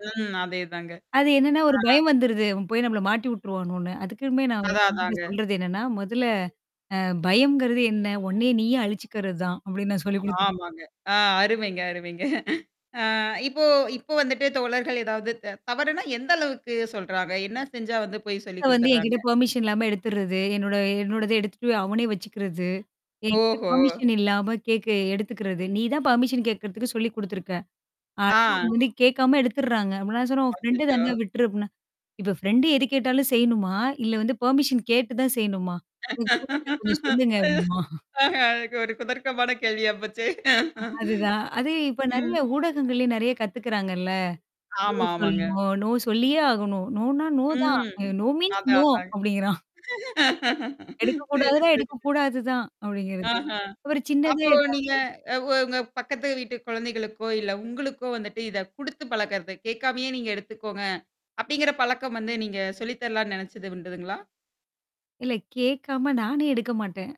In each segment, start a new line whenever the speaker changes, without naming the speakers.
ம். அதேதாங்க.
அது என்னன்னா ஒரு
அ.
பயம் வந்துருது. இவன் போய் நம்மள மாட்டி உட்டுருவானோனு. அதுக்குமே நான் என்
அதான்,
மகன்கிட்ட
அதாங்க.
சொல்றது என்னன்னா, "முதல்ல அ பயம்ங்கிறது என்ன? ஒன்னையே நீயே அழிச்சுக்கறது தான்" அப்டின்னு நான் சொல்லிக் குடுத்து
ஆமாங்க. ஆ அருமைங்க, அருமைங்க. அ இப்போ இப்போ வந்துட்டு தோழர்கள் ஏதாவது த தவறுன்னா எந்த அளவுக்கு சொல்றாங்க? என்ன செஞ்சா வந்து போய் சொல்லிக்
வந்து என்கிட்ட
குடுத்துர்றாங்க?
பெர்மிஷன் இல்லாம எடுத்துர்றது. என்னோட என்னோடத எடுத்துட்டு அவனே வச்சுக்கிறது. என் கிட்ட
ஓஹோ!
பெர்மிஷன் இல்லாம கேக்க எடுத்துக்கறது. "நீ தான் பெர்மிஷன் கேக்குறதுக்கு சொல்லி் குடுத்துருக்க. அனா அவங்க
ஆ.
வந்து கேட்காம எடுத்துடுறாங்க". அப்ப நான் சொன்னேன், "உன் ஃப்ரெண்ட்
அச்சச்சோ!
தானா? விட்டுரு" அப்டின்னா. "இப்ப ஃப்ரெண்ட் எது கேட்டாலும் செய்யணுமா? இல்ல வந்து பெர்மிஷன் கேட்டு தான் செய்யணுமா? எனக்கு புரியல. கொஞ்சம் சொல்லுங்க" அப்டின்பாம்.
ஆஹ எனக்கு ஒரு குதர்க்கமான கேள்வியா போச்சே.
அதுதான். அது இப்ப
ம்.
நறைய ஊடகங்கள்லே நெறைய கத்துக்கறாங்கள்ல? நோ
ஆமா,
சொல்ல
ஆமாங்க.
நோ, நோ சொல்லியே ஆகணும். நோனா நோ தான்.
ம்.
அ நோ மீன்ஸ்
அதான்,
நோ
அதாங்க.
அப்டிங்கிறான்.
சரி,
எடுக்கக்கூடாதுன்னா,
சரிங்க.
எடுக்கக்கூடாதுதான் அப்படிங்கிறது.
ஆஹ.
ஒரு சின்னதே
அப்போ
ஏதாவது
நீங்க அ உ உங்க பக்கத்து வீட்டு குழந்தைகளுக்கோ, இல்ல உங்களுக்கோ வந்துட்டு இத குடுத்து பழக்கறத கேட்காமயே, "நீங்க எடுத்துக்கோங்க." அப்படிங்கிற பழக்கம் வந்து நீங்க சொல்லி தரலான்னு நெனச்சது உண்டுதுங்களா?
இல்ல, கேட்காம நானே எடுக்க மாட்டேன்.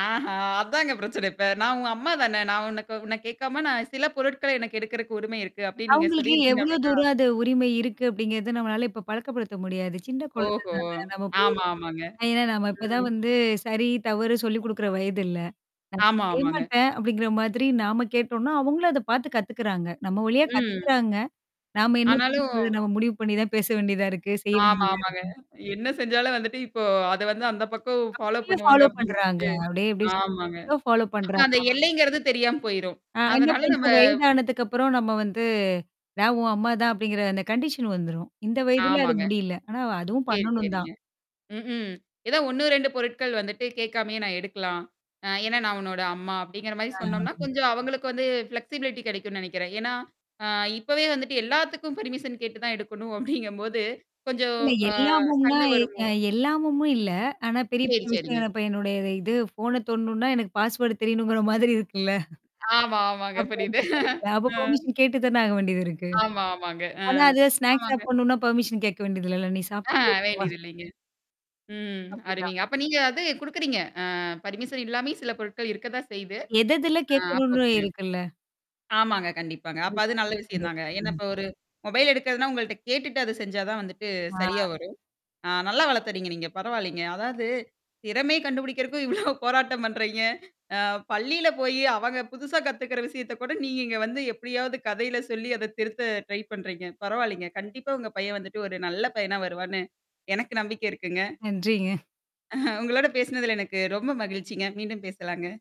ஆஹா! அதாங்க பிரச்சனை இப்ப. நான் உங்க அம்மா தானே. நான் உன்னக்கு உன்ன கேட்காம நான் சில பொருட்கள எனக்கு எடுக்கறக்கு உரிமை இருக்கு. அப்ப்டின்னு நீங்க
அவங்களுக்கு
சொல்லியிருந்தீங்க
எவ்ளோ
அப்டின்னா
தூரம் அது உரிமை இருக்கு அப்டிங்கிறத நம்மளால இப்ப பழக்கப்படுத்த முடியாது. சின்ன குழந்தை
ஓஹோ!
தான. நம்ம போய்.
ஆமா, ஆமாங்க.
ஏன்னா நம்ம இப்பதான்
ம்.
வந்து சரி, தவறு சொல்லிக் குடுக்குற வயதில்ல. நான்
ஆமா,
செய்ய
ஆமாங்க.
மாாட்டேன் அப்படிங்கிற மாதிரி நாம கேட்டோம்னா, அவங்களும் அத பார்த்து கத்துக்குறாங்க. நம்ம வழியா
ம்.
கத்துக்குறாங்க. நாம என்ன
ஆனாலும்
பண்ணறது நம்ம முடிவு பண்ணி தான் பேச வேண்டியதா இருக்கு, செய்ய
ஆமா,
வேண்டியதா
ஆமாங்க.
இருக்கு?
என்ன செஞ்சாலும் வந்துட்டு இப்போ அத வந்து அந்த பக்கம் ஃபாலோ
அப்டியே
பண்ணுவாங்க
ஃபாலோ
அப்படிங்குமோது.
பண்றாங்க. அப்டியே அப்டியே [unintelligible]
ஆமாங்க.
சொல்ல. ஃபாலோ
அப்ப அந்த
பண்றாங்கள
எல்லைங்கிறது தெரியாம போயிரும்.
அ இன்னும்
அதனால நம்ம
கொஞ்சம் வயதானதுக்கப்புறம் நம்ம வந்து, நான் உன் அம்மா தான் அப்படிங்கிற அந்த கண்டிஷன் வந்துரும். இந்த வயதல அது
ஆமாங்க.
முடியல. ஆனா அதுவும்
சரி,
பண்ணணும் தான்.
சரிங்க. ம்ஹ்ம். ஏதா 1 2 பொருட்கள் வந்துட்டு கேட்காமயே நான் எடுக்கலாம். அ ஏன்னா நான் உன்னோட அம்மா அப்படிங்கிற மாரி
ஆ.
சொன்னோம்னா, கொஞ்சம் அவங்களுக்கு வந்து ஃப்ளெக்ஸிபிலிட்டி கிடைக்கும்னு நினனைக்கிறேன். ஏன்னா, அ இப்பவே வந்துட்டு எல்லாத்துக்கும் பர்மிஷன் கேட்டு தான் எடுக்கணும் அப்டிங்கும்போது கொஞ்சம்
இல்ல
அ
எல்லாமும்னா,
சண்ட
எ
வருமோ!
அ எல்லாமும் இல்ல. ஆனா பெரிய
சரி,
பெரிய
சரிங்க.
விஷயம். இப்ப என்னுடைய இது ஃபோன தோடணும்னா, எனக்கு பாஸ்வர்ட் தெரியணுங்கிற மாதிரி இருக்குல்ல.
ஆமா, ஆமாங்க
அப்ப
புரியுது.
எடுத்து
ம்.
பர்மிஷன் கேட்டு தானே ஆக வேண்டியது இருக்கு.
ஆமா, ஆமாங்க. அ.
ஆனா அது ஸ்நாக்ஸ்
ஆமாங்க.
சாப்பிடணும்னா பெர்மிஷன் கேட்க வேண்டியதில்லல. நீ சாப்டே.
ஆ வேண்டியதில்லைங்க. ம்.
அப்படிதான்.
அருமைங்க. அப்ப நீங்க அது குடுக்குறீங்க. அ பர்மிஷன் இல்லாமே சில பொருட்கள் இருக்க தான் செய்து.
எதெதுல
ஆ அப்ப
கேட்கணும்னு
ஓகேங்க.
இருக்குல்ல?
ஆமாங்க, கண்டிப்பாங்க. அப்ப
அது
அது
சொல்லித்
நல்ல
தர
விஷயம் தாங்க.
வேண்டியதிருக்கு.
ஏன்னா
ம்.
இப்ப ஒரு மொபைல் எடுக்கிறதுன்னா, உங்கள்ட்ட கேட்டுட்டு அது செஞ்சா தான் வந்துட்டு சரியா
ஆ.
வரும். ஆ நல்லா வளர்த்துறீங்க நீங்க. பரவாயில்லங்க. அதாவது திறமைய கண்டுபிடிக்கிறதுக்கும் இவ்வளோ போராட்டம் பண்றீங்க. அ பள்ளியில போயி அவங்க புதுசா கத்துக்கிற விஷயத்த கூட நீங்க இங்க வந்து எப்படியாவது கதையில சொல்லி அத திருத்த ட்ரை பண்றீங்க. பரவாயில்லங்க. கண்டிப்பா உங்க பையன் வந்துட்டு ஒரு நல்ல பையனா வருவார்ன்னு எனக்கு நம்பிக்கை இருக்குங்க.
நன்றிங்க.
அஹ உங்களோட பேசினதல எனக்கு ரொம்ப மகிழ்ச்சிங்க. மீண்டும் பேசலாங்க.